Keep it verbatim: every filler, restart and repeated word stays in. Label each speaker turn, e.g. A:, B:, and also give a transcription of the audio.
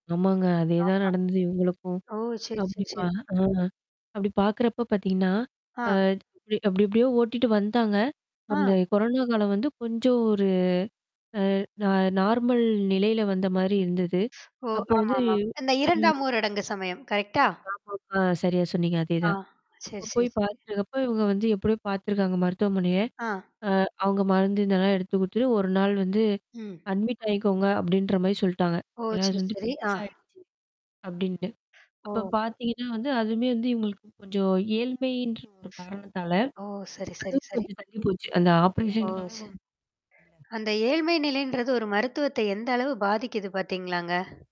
A: ஆமாங்க அதேதான்
B: ஆமா.
A: நடந்தது இவுங்களுக்கும்.
B: ஓ! சரி,
A: அப்டி
B: சரி, சரி.
A: பா அ. அப்டி பார்க்குறப்ப பார்த்திங்கன்னா, அ
B: அ.
A: அப்படி அப்படியோ ஓட்டிட்டு வந்தாங்க,
B: அ.
A: உடனே கொரோனா காலம் வந்து, அ கொஞ்சம் ஒரு, அ, ந நார்மல் நெலையில வந்த மாரி இருந்தது.
B: ஓ!
A: அப்ப வந்து
B: ஆமாமா. இந்த
A: ம்.
B: இரண்டாம் ஊரடங்கு சமயம். கரெக்டா?
A: லாக்டவுன் அ சரியா சொன்னீங்க. அதே
B: அ.
A: தான்.
B: சரி,
A: இப்போ போய்
B: சரி.
A: பார்த்துட்டுருக்கப்ப இவங்க வந்து எப்படியோ பார்த்துருக்காங்க மருத்துவமனைய,
B: அ.
A: அ, அவங்க மருந்து இதெல்லாம் எடுத்துக்குடுத்துத்துட்டு ஒரு நாள் வந்து
B: ம்.
A: அட்மிட் ஆகிக்கோங்க அப்படின்ற மாரி சொல்லிட்டாங்க.
B: ஓ!
A: ஏன்னா அது
B: சரி,
A: வந்து
B: சரி. அ.
A: பெருசாயிடுச்சு. அப்படின்னுட்டு. அப்ப
B: ஓ!
A: பார்த்திங்கன்னா வந்து, அதுவுமே வந்து இவங்களுக்கு கொஞ்சம் ஏழ்மைன்ற ஒரு காரணத்தால
B: ஓ! சரி, சரி,
A: அதுவும்
B: சரி.
A: கொஞ்சம் தள்ளி போச்சு. அந்த
B: ஓ! ச
A: ஆப்ரேஷனுக்காக
B: அந்த ஏழ்மை நிலைன்றது ஒரு மருத்துவத்த எந்த அளவு பாதிக்குது பார்த்தீங்களாங்க?